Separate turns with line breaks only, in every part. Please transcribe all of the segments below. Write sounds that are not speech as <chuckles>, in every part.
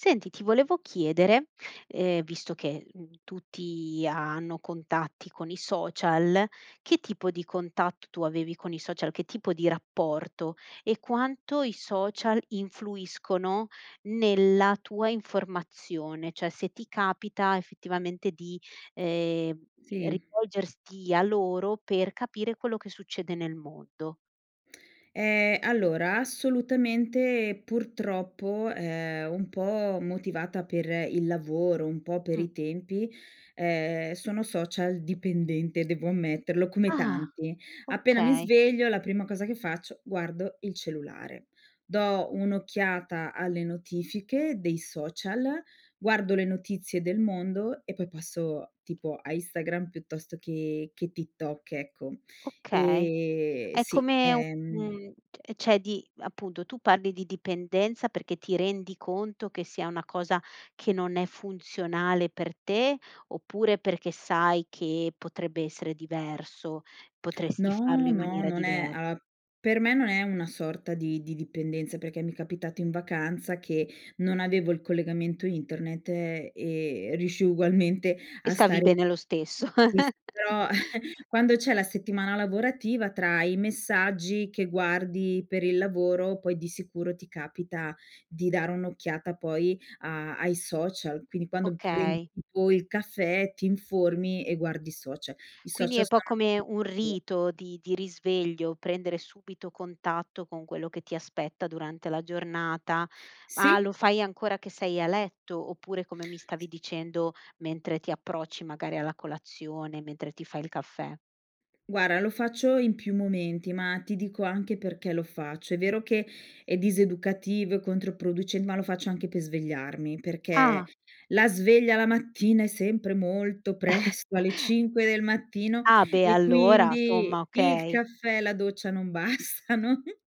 Senti ti volevo chiedere, ehm, visto che, uhm, tutti ha hanno contatti con i social, che tipo di contatto tu avevi con i social, che tipo di rapporto? E quanto i social influiscono nella tua informazione? Cioè se ti capita effettivamente di, ehm,
Sì.
rivolgerti a loro per capire quello che succede nel mondo.
Ehm, allora assolutamente e purtroppo, ehm, un po' motivata per il lavoro, un po' per
Mh.
i tempi, ehm, sono social-dipendente. Devo ammetterlo, come
Ah,
tanti. Appena mi
okay!
sveglio la prima cosa che faccio guardo il cellulare. Do un'occhiata alle notifiche dei social, guardo le notizie del mondo, e poi passo tipo a Instagram piuttosto che che TikTok ecco.
Okay.
Ehm,
È
sì,
come u
ehm
un t cioè di appunto tu parli di dipendenza perché ti rendi conto che sia una cosa che non è funzionale per te oppure perché sai che potrebbe essere diverso, potresti farlo
No,
in
no.
maniera
Non è
diver
uhm, per me non è una sorta di di dipendenza perché mi è capitato in vacanza che non avevo il collegamento internet e riuscii ugualmente
E
a
stavi
stare
bene lo stesso.
sì s però
<giggles>
<chuckles> quando c'è la settimana lavorativa tra i messaggi che guardi per il lavoro poi di sicuro ti capita di dare un'occhiata poi a ai social. Quindi quando prendi
Okay.
tipo il caffè, ti informi e guardi i social. I
Quindi è
social
un po'
sono.
come un
<unintelligible>
rito di di risveglio prendere subito contatto con quello che ti aspetta durante la giornata. Ma
Sì.
lo fai ancora che sei a letto, oppure come mi stavi
S
dicendo, mentre ti approcci magari alla colazione, mentre ti fai il caffè?
Guarda lo faccio in più momenti, ma ti dico anche perché lo faccio. È vero che, è diseducativo e controproduce ma lo faccio anche per svegliarmi. Perché
Ah.
la sveglia la mattina è sempre molto
<chuckles>
presto, alle 5 del mattino,
Ah beh,
e
allora
quindi
somma,
il
okay.
caffè e la doccia non bastano. <chuckles>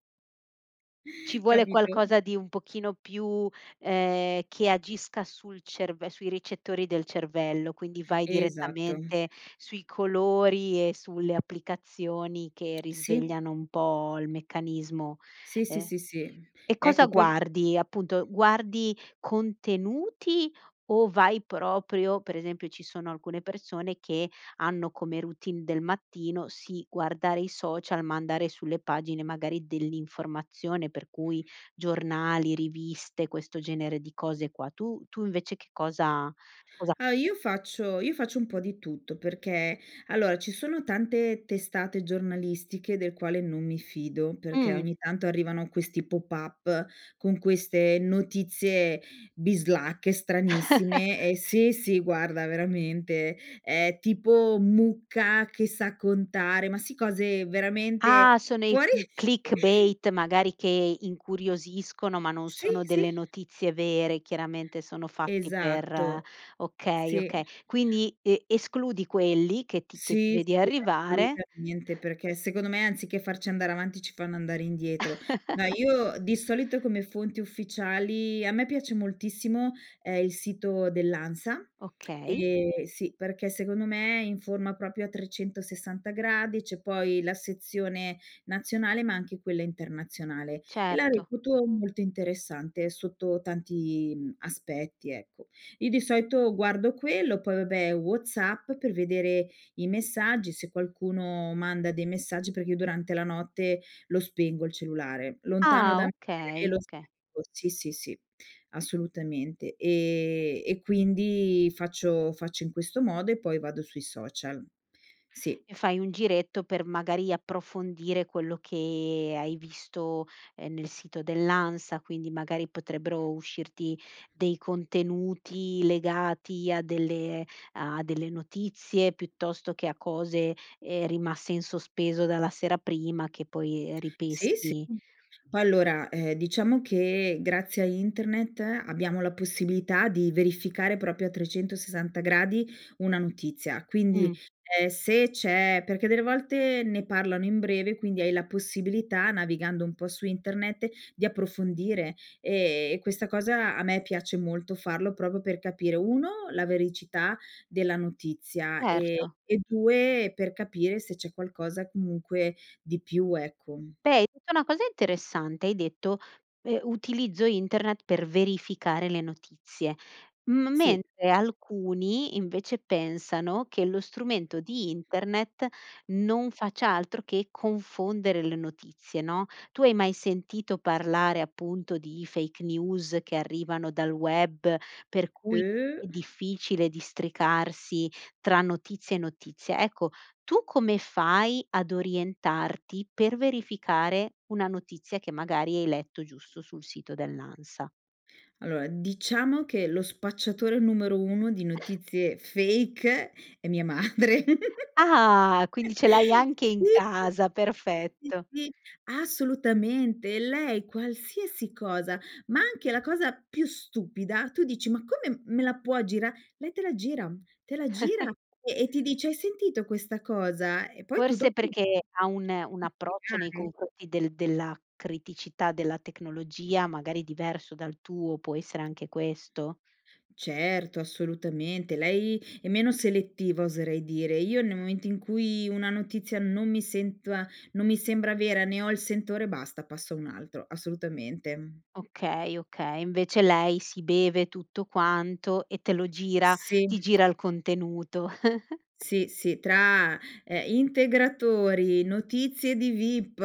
Ci vuole
Capito?
qualcosa di un pochino più, ehm, che agisca sul cerv sui ricettori del cervello, quindi vai
Esatto.
direttamente sui colori, e sulle applicazioni che
Sì.
risvegliano un po' il meccanismo.
Sì, sì,
Ehm
sì, sì.
e cosa
Ecco poi
guardi, appunto guardi contenuti, o vai proprio per esempio ci sono alcune persone, che hanno come routine del mattino, sì, guardare i social, ma andare sulle pagine magari dell'informazione, per cui giornali, riviste, questo genere di cose qua, tu tu invece che cosa cosa
Ah, io faccio io faccio un po' di tutto, perché allora ci sono tante testate giornalistiche del quale non mi fido. Perché
Mh.
ogni tanto arrivano questi pop-up con queste notizie bislacche, stranissime e
<chuckles>
se sì, guarda veramente è tipo mucca che sa contare, ma si cose veramente
Ah, sono i
fuori
clickbait, magari
<chuckles>
che incuriosiscono, ma non
Sì,
sono
sì.
delle notizie vere, chiaramente sono fatti per
Esatto.
okay,
Sì.
okay. Quindi e escludi quelli che ti che ti
Sì,
vedi
sì
arrivare
assolutamente. Perché secondo me anziché farci andare avanti ci fanno andare indietro. No,
<chuckles>
io di solito come fonti ufficiali a me piace moltissimo, ehm, il sito dell'ANSA,
Okay.
ehm, sì, perché secondo me è in forma proprio a 360 gradi, c'è poi la sezione nazionale, ma anche quella internazionale, e la
Certo.
reputo molto interessante, sotto tanti, uhm, aspetti ecco. Io di solito guardo quello, poi vabbè WhatsApp, per vedere i messaggi se qualcuno manda dei messaggi, perché io durante la notte lo spengo il cellulare. Lontano
Ah,
da me e
okay,
lo
okay.
spengo sì, sì, sì assolutamente. Ehm, e quindi faccio faccio in questo modo e poi vado sui social. Sì.
E fai un giretto per, magari, approfondire quello che hai visto, ehm, nel sito dell'ANSA, quindi magari potrebbero uscirti dei contenuti legati a delle a delle notizie, piuttosto che a cose, ehm, rimaste in sospeso dalla sera prima che poi
Sì, sì.
ripeschi.
Poi allora, ehm, diciamo che, grazie a internet abbiamo la possibilità di verificare proprio a 360 gradi una notizia, quindi,
Mh.
ehm, se c'è perché delle volte ne parlano in breve, quindi hai la possibilità, navigando un po' su internet, di approfondire e e questa cosa a me piace molto farlo, proprio per capire: 1 la veridicità della notizia, e
Certo.
e 2 per capire se c'è qualcosa, comunque, di più ecco.
Beh, hai detto una cosa interessante, hai detto: "Eh utilizzo internet per verificare le notizie". M
Sì.
mentre alcuni invece pensano che lo strumento di internet non faccia altro che confondere le notizie, no? Tu hai mai sentito parlare appunto di fake news che arrivano dal web, per cui
Uh.
è difficile districarsi tra notizie e notizie. Ecco, tu come fai ad orientarti, per verificare una notizia che magari hai letto giusto sul sito dell'ANSA?
Allora, diciamo che lo spacciatore numero 1 di notizie fake è mia madre. <giggles>
Ah quindi ce l'hai
<chuckles>
anche in
Sì,
casa,
sì,
perfetto.
sì assolutamente, lei qualsiasi cosa, ma anche la cosa più stupida, tu dici: "Ma come me la puoi gira", lei te la gira uhm, te la gira,
<chuckles>
e e ti dice: "Hai sentito questa cosa?", E poi tu
Forse
dopo
perché, ha un un approccio nei
<unintelligible>
confronti del della criticità della tecnologia, magari diverso dal tuo, può essere anche questo?
Certo, assolutamente. Lei è meno selettiva oserei dire. Io nel momento in cui, una notizia non mi sento a non mi sembra vera, ne ho il sentore, basta, passo a un altro, assolutamente, uhm
Okay, okay. Invece lei sì beve tutto quanto, e te lo gira
Sì.
ti gira il contenuto. <chuckles>
Sì, sì. Tra, eh, integratori, notizie di vip,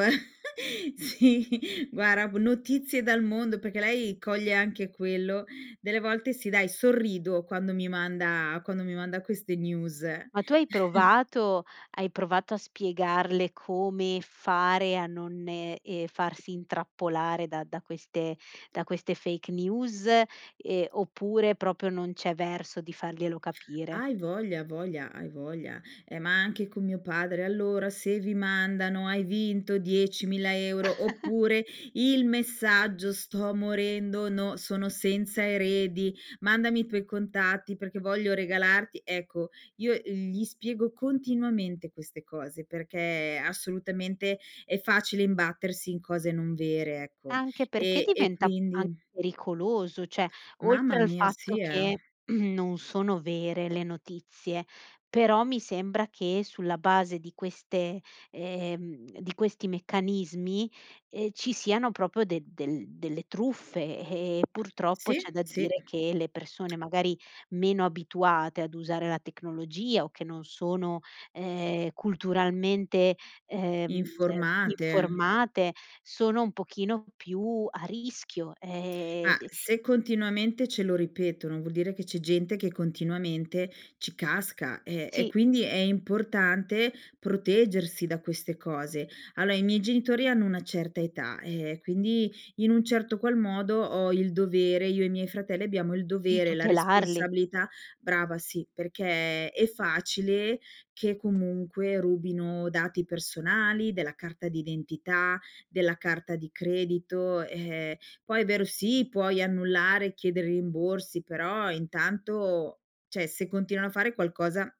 <chuckles> sì, guarda b notizie dal mondo, perché lei coglie anche quello. Delle volte, sì, dai, sorrido quando mi manda quando mi manda queste news.
Ma tu hai
<chuckles>
provato hai provato a spiegarle come fare a non e ehm, farsi intrappolare, da da queste da queste fake news ehm, oppure proprio non c'è verso di farglielo capire?
Hai voglia voglia, hai voglia. Ehm, ma anche con mio padre: "Allora, se vi mandano, hai vinto 10000 €,
<chuckles>
oppure il messaggio sto morendo no sono senza eredi, mandami i tuoi contatti perché voglio regalarti", ecco io gli spiego continuamente queste cose, perché assolutamente, è facile imbattersi in cose non vere ecco.
Anche perché
E e
diventa, anche
quindi
pericoloso. Cioè,
Mamma
oltre al
mia,
fatto
sì, eh.
che <clears throat> non sono vere le notizie, però mi sembra che, sulla base di queste ehm, di questi meccanismi, ehm, ci siano proprio del delle delle truffe. E purtroppo
Sì,
c'è da
sì.
dire che le persone magari meno abituate ad usare la tecnologia, o che non sono, ehm, culturalmente, ehm,
Informate.
informate sono un pochino più a rischio, ehm
Ah, se continuamente ce lo ripetono, vuol dire che c'è gente che continuamente ci casca. E e
Sì.
quindi è importante proteggersi da queste cose. Allora, i miei genitori hanno una certa età, eh, quindi in un certo qual modo, ho il dovere io e i miei fratelli, abbiamo il
Di
dovere, la
tutelarli.
responsabilità brava sì, perché è facile che comunque rubino dati personali: della carta d'identità, della carta di credito. Eh, poi è vero, sì, puoi annullare, chiedere rimborsi, però intanto cioè se continuano a fare qualcosa,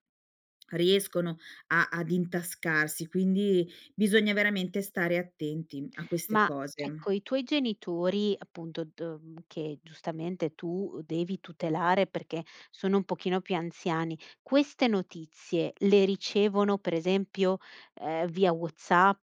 riescono a ad intascarsi, quindi bisogna veramente stare attenti a queste
Ma
cose.
ecco, i tuoi genitori appunto, do che giustamente tu devi tutelare, perché sono un pochino più anziani. Queste notizie, le ricevono pre esempio, ehm, via WhatsApp,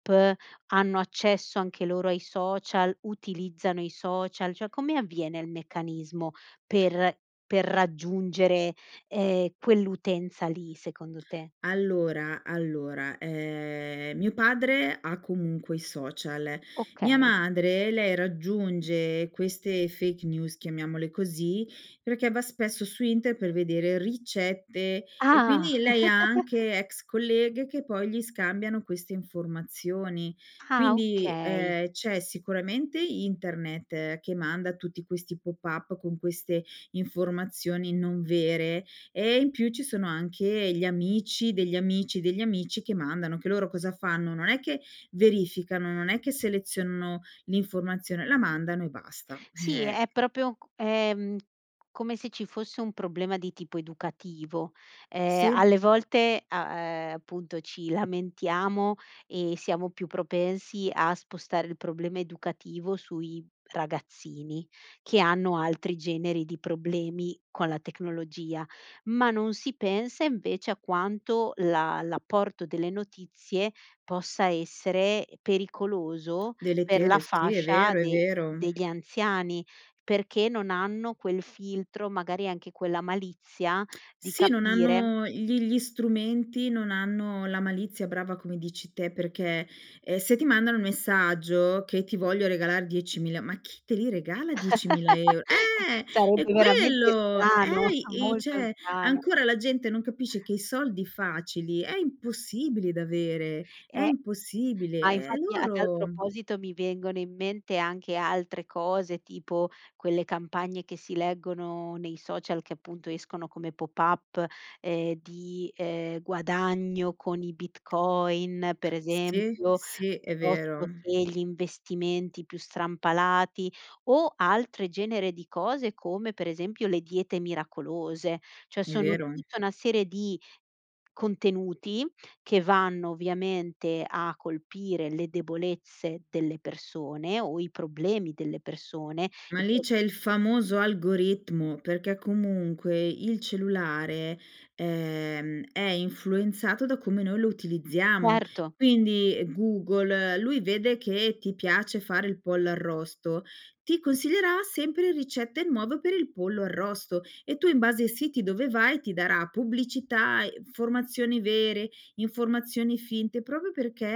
hanno accesso anche loro ai social? Utilizzano i social? Cioè come avviene il meccanismo per per raggiungere, ehm, quell'utenza lì, secondo te?
Allora, allora, ehm, mio padre ha comunque i social, mia
Okay.
madre, lei raggiunge queste fake news chiamiamole così. Perché va spesso su internet, per vedere ricette, e
Ah.
quindi lei ha
<chuckles>
anche ex colleghe che poi gli scambiano queste informazioni.
Ah,
Quindi,
okay.
ehm, c'è sicuramente internet, che manda tutti questi pop-up con queste informazioni non vere, e in più ci sono anche gli amici, degli amici, degli amici che mandano anche loro cosa fanno, non è che verificano, non è che selezionano l'informazione, la mandano e basta
Sì,
eh
è proprio c è, mhmm, come se ci fosse un problema di tipo educativo, ehm,
Sì.
alle volte a ehm, appunto ci lamentiamo, e siamo più propensi a spostare il problema educativo sui ragazzini, che hanno altri generi di problemi con la tecnologia, ma non si pensa invece a quanto la l'apporto delle notizie, possa essere pericoloso per la
Deleterio, sì è
fascia
vero, è
de
vero.
degli anziani, perché non hanno quel filtro, magari anche quella malizia di
Sì, non
capire
hanno gli gli strumenti non hanno la malizia brava come dici te, perché, ehm, se ti mandano un messaggio, che ti voglio regalare 10000, ma chi te li regala 10000 eur
<laughs>
eh è
Sarebbe veramente
quello,
strano,
eh i
molto
c'è
strano.
ancora la gente non capisce che i soldi facili, è impossibile da avere, è
Eh, ma
impossibile e
infatti a tal
loro
proposito, mi vengono in mente anche altre cose, tipo quelle campagne che si leggono nei social, che appunto escono come pop-up ehm, di, ehm, guadagno con i Bitcoin, per
Sì,
esempio,
sì è vero.
piuttosto che gli investimenti più strampalati. O altro genere di cose, come per esempio le diete miracolose. Cioè
È
sono
vero.
tutta una serie di contenuti, che vanno ovviamente a colpire le debolezze delle persone, o i problemi delle persone
Ma lì
<unintelligible>
c'è il famoso algoritmo, perché comunque il cellulare, ehm, è influenzato da come noi lo utilizziamo.
Certo.
Quindi Google, lui vede che ti piace fare il pollo arrosto, ti consiglierà sempre ricette nuove per il pollo arrosto. E tu in base ai siti dove vai, ti darà pubblicità e informazioni vere, informazioni finte, proprio perché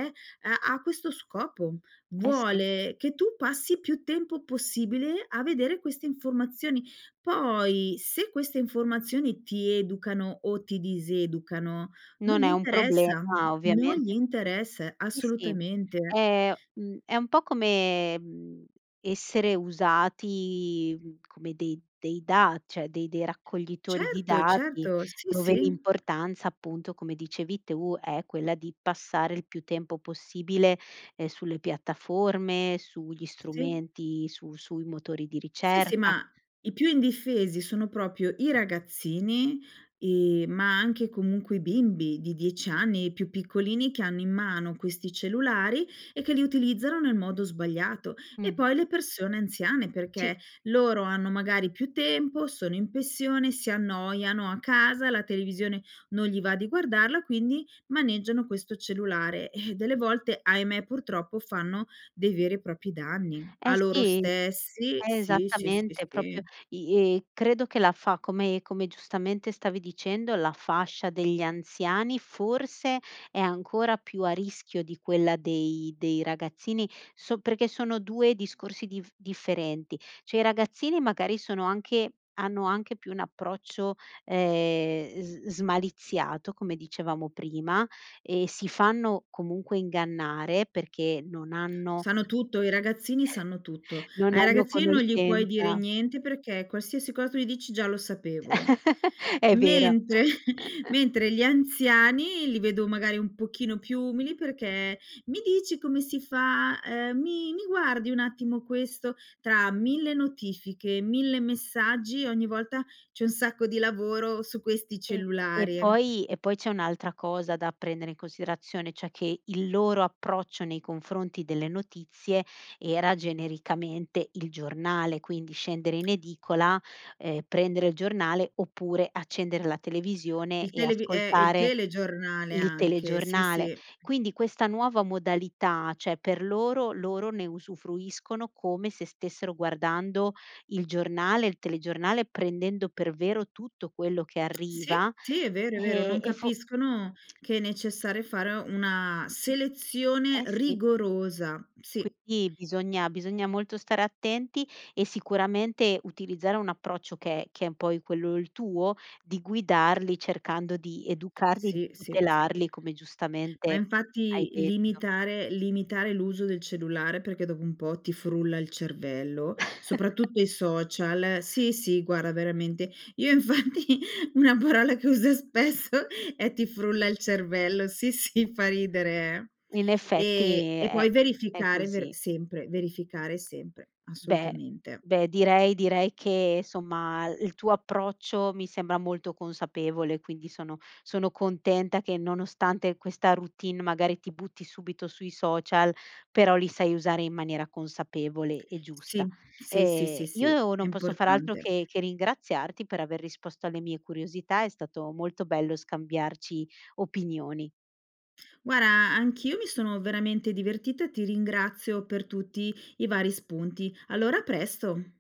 ha ha questo scopo.
Eh sì.
Vuole che tu passi più tempo possibile a vedere queste informazioni, poi se queste informazioni ti educano o ti diseducano non
Non
gli
è un problema
interessa, non gli
ovviamente
interessa
sì, sì,
assolutamente.
è, mhmm, è un po' come, mhmm, essere usati, uhm, come dei dei dati cioè dei dei raccoglitori di
Certo,
dati,
certo, sì,
dove
sì.
l'importanza, appunto, come dicevi tu è quella di passare il più tempo possibile, ehm, sulle piattaforme, sugli
Sì.
strumenti, su sui motori di
Sì, sì
ricerca
ma, i più indifesi sono proprio i ragazzini, ehm, ma anche comunque i bimbi, di 10 anni i più piccolini, che hanno in mano questi cellulari, e che li utilizzano nel modo sbagliato, e
Mh.
poi le persone anziane,
Sì.
perché loro hanno magari più tempo, sono in pensione, si annoiano a casa, la televisione non gli va di guardarla, quindi maneggiano questo cellulare. Eh, delle volte, ahimè, purtroppo fanno dei veri e propri danni,
Eh
a loro
sì.
stessi Sì, sì, sì,
Esattamente, proprio
sì.
i e credo che la fa come come giustamente stavi dicendo, la fascia degli anziani forse è ancora più a rischio di quella dei dei ragazzini, so perché sono 2 discorsi diff differenti cioè i ragazzini magari sono anche hanno anche più un approccio, ehm, s smaliziato come dicevamo prima, e si fanno comunque ingannare perché non hanno
Sanno tutto, i ragazzini sanno tutto.
<chuckles> non
Ai
hanno
ragazzini non gli puoi dire
conoscenza
niente, perché, qualsiasi cosa tu gli dici: "Già lo sapevo".
<chuckles> È vero.
Mentre
<chuckles>
mentre gli anziani, li vedo magari un pochino più umili, perché: "Mi dici come si fa, ehm, mi mi guardi un attimo questo". Tra 1000 notifiche, 1000 messaggi, ogni volta c'è un sacco di lavoro su questi
E e
cellulari.
poi e poi c'è un'altra cosa da prendere in considerazione, cioè che il loro approccio nei confronti delle notizie, era genericamente il giornale, quindi scendere in edicola, ehm, prendere il giornale, oppure accendere la televisione
Il
e
televi eh, il
ascoltare
telegiornale
il
anche, sì,
telegiornale.
sì.
Quindi questa nuova modalità, cioè per loro loro ne usufruiscono, come se stessero guardando il giornale, il telegiornale, prendendo per vero tutto quello che
Sì,
arriva,
sì è vero, è vero,
ehm,
non
e fo
capiscono che è necessario fare una selezione
Eh sì.
rigorosa. Sì.
Quindi bisogna bisogna molto stare attenti, e sicuramente utilizzare un approccio che è che è un po' quello il tuo di guidarli cercando di educarli e di
Sì, sì, sì.
tutelarli, come
Ma
giustamente hai
infatti,
detto.
limitare limitare l'uso del cellulare, perché dopo un po' ti frulla il cervello,
<chuckles>
soprattutto i social sì, sì guarda veramente, io infatti una parola che uso spesso è ti frulla il cervello sì, sì, fa ridere,
In
eh. Ehm,
effetti
e
è
poi
è
verificare ver
così.
sempre, verificare sempre,
Beh
assolutamente.
beh direi direi che somma, il l tuo approccio mi sembra molto consapevole, quindi sono sono contenta che nonostante questa routine, magari ti butti subito sui social, però li sai usare in maniera consapevole e giusta.
Sì, sì, sì,
Ehm,
sì, sì,
io
è
non posso far altro
importante.
che che ringraziarti per aver risposto alle mie curiosità, è stato molto bello scambiarci opinioni.
Guarda anch'io mi sono veramente divertita, ti ringrazio per tutti i vari spunti. Allora a presto.